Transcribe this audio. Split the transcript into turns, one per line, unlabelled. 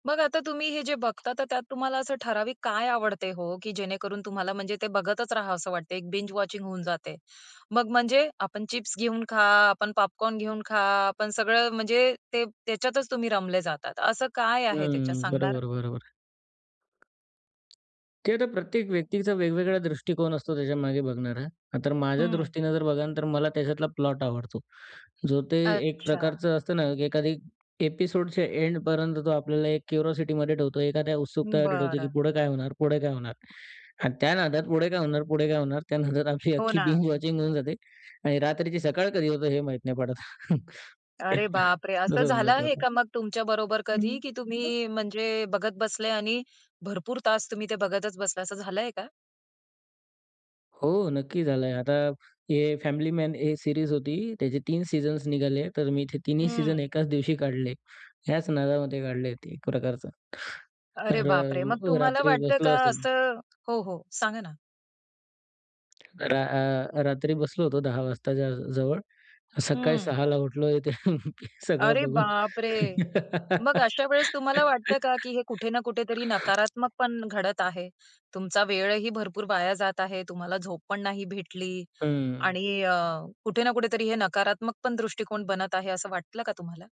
मग आता तुम्ही हे जे बघता तर त्यात तुम्हाला असं ठराविक काय आवडते हो? की जेणेकरून तुम्हाला म्हणजे ते बघतच राहाव असं वाटते. एक बिंज वॉचिंग होऊन जाते. मग म्हणजे आपण चिप्स घेऊन खा, आपण पॉपकॉर्न घेऊन खा, आपण सगळं म्हणजे ते, त्याच्यातच तुम्ही रमले जातात, असं काय आहे त्याच्यात,
हम्म.
सांगणार?
बरोबर, बरोबर. ते तर प्रत्येक व्यक्तींचा वेगवेगळा दृष्टिकोन असतो त्याच्यामागे बघणारा. अ, तर
हं.
माझ्यादृष्टीनं जर बघाल तर मला त्याच्यातला प्लॉट आवडतो. जो ते एक
अच्छा.
प्रकारचं असतं ना, की एखादी एपिसोडच्या एंडपर्यंत तो आपल्याला एक क्युरॉसिटीमध्ये ठेवतो, एखाद्या उत्सुकतामध्ये ठेवतो, की
बरं.
पुढे काय होणार? पुढे काय होणार? आणि त्या नादात पुढे काय होणार? पुढे काय होणार? त्या नादात आमची
हो
अख्खी
ना.
बिंज वॉचिंग होऊन जाते आणि रात्रीची सकाळ कधी होतं हे माहीत नाही पडत.
अरे बापरे! असं
तसं होऊन
झालं आहे
जातं.
का मग तुमच्याबरोबर
हम्म.
कधी? की
अं.
तुम्ही म्हणजे बघत बसले आणि भरपूर तास तुम्ही ते बघतच बसला, असं झालंय का?
हो, नक्की झालंय. आता a family man a series होती. त्याचे 3 सीझन्स निघाले. तर मी ते 3न्ही सीझन
हम्म.
1च दिवशी काढले. ह्याच नादामध्ये काढले ते एक प्रकारचं.
अरे
तर
बापरे! मग तुम्हाला
रात्री
वाटतं
बसलो
का
असेल.
असं? हो, हो, सांगा ना.
रा आ, रात्री बसलो होतो 10 वाजताच्या जवळ. सकाळी
हम्म.
6ला उठलो ते सगळं
अरे
बघून.
बापरे! मग अशा वेळेस तुम्हाला वाटतं का, की हे कुठे ना कुठेतरी नकारात्मक पण घडत आहे, तुमचा वेळही भरपूर वाया जात आहे, तुम्हाला झोप पण नाही भेटली
हं.
आणि अ, कुठे ना कुठेतरी हे नकारात्मक पण दृष्टिकोन बनत आहे, असं वाटलं का तुम्हाला?